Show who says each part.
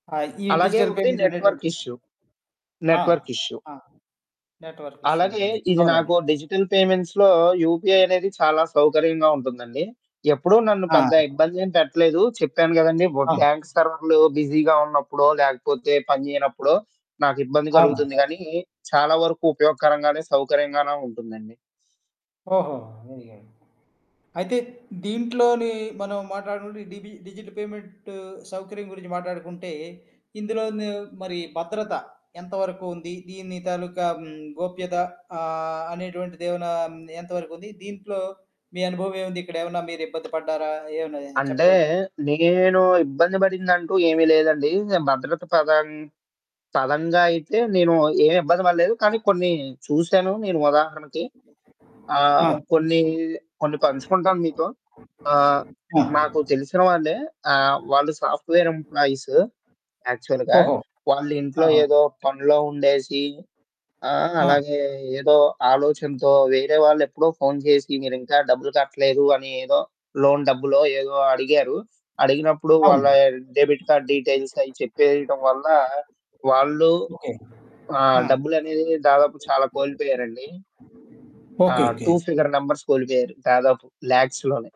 Speaker 1: ఆ! ఈ
Speaker 2: అలాగే
Speaker 1: డిజిటల్
Speaker 2: ఒకటి
Speaker 1: పేమెంట్
Speaker 2: నెట్‌వర్క్
Speaker 1: అనేటువంటిది.
Speaker 2: ఇష్యూ.
Speaker 1: ఆ!
Speaker 2: Network issue.
Speaker 1: ఆ! నెట్‌వర్క్ ఇష్యూ
Speaker 2: అలాగే,
Speaker 1: ఉంటుంది.
Speaker 2: ఇది
Speaker 1: అవునండి.
Speaker 2: నాకో డిజిటల్ పేమెంట్స్‌లో యూపీఐ అనేది చాలా సౌకర్యంగా ఉంటుందండి. ఎప్పుడూ నన్ను
Speaker 1: ఆ!
Speaker 2: పెద్ద ఇబ్బదేం పెట్టలేదు. చెప్పాను గదండీ! బు
Speaker 1: అవును.
Speaker 2: బ్యాంక్ సర్వర్లు బిజీగా ఉన్నప్పుడో, లేకపోతే పని జేయనప్పుడో, నాకు ఇబ్బంది
Speaker 1: అవును.
Speaker 2: కలుగుతుంది గానీ, చాలా వరకు ఉపయోగకరంగానే, సౌకర్యంగానే ఉంటుందండి.
Speaker 1: ఓహొ! అయ్యాయో! అయితే దీంట్లోని మనం మాట్లాడకుంటే, డిబి డిజిట్ పేమెంటు సౌకర్యం గురించి మాట్లాడుకుంటే, ఇందులోను మరి భద్రత, ఎంత వరకు ఉంది? దీన్ని తాలూకా హ్మ్, గోప్యత ఆహ్, అనేటువంటిదేవనా ఎంత వరకుంది? దీంట్లో, మీ అనుభవం ఏముంది? ఇక్కడేమన్నా మీరిబ్బంది పడ్డారా? ఏమన్నా
Speaker 2: అంటే
Speaker 1: చెప్పగలరా?
Speaker 2: నేను ఇబ్బంది పడిందంటూ ఏమీ లేదండి. భద్రత పదం పరంగా అయితే నేను ఏమి ఇబ్బంది పడలేదు. కానీ కొన్ని చూశాను నేను ఉదాహరణకి.
Speaker 1: ఆ!
Speaker 2: ఆహ్, కొన్ని, కొన్ని పంచుకుంటాను మీతో. ఆహ్,
Speaker 1: ఆ!
Speaker 2: మాకు తెలిసిన వాళ్ళే. ఆహ్, వాళ్ళు సాఫ్ట్‌వేర్ ఎంపప్లాయిస్ యాక్చువల్‌గా.
Speaker 1: ఓహో!
Speaker 2: వాళ్ళింట్లో
Speaker 1: ఆహా!
Speaker 2: ఏదో పనిలో ఉండేసి, ఆహ్,
Speaker 1: ఆ!
Speaker 2: అలాగే ఏదో ఆలోచనతో, వేరే వాళ్ళెప్పుడో ఫోను జేసి, "మీరింకా డబ్బులు కట్టలేదు" అని ఏదో? లోన్ డబ్బులో ఏదో? అడిగారు. అడిగినప్పుడు వాళ్ళ
Speaker 1: అవును.
Speaker 2: డెబిట్ కార్డ్ డీటెయిల్స్ అయి చెప్పేయటం వల్ల, వాళ్ళు.
Speaker 1: ఓకే.
Speaker 2: ఆహ్,
Speaker 1: ఆ!
Speaker 2: డబ్బులునేది దాదాపు చాలా కోల్పోయారండి. ఆ!
Speaker 1: ఓకే. ఓకే.
Speaker 2: 2 ఫిగర్ నంబర్స్ కోలిపోయారు. దాదాపు లాక్స్‌ లోనే.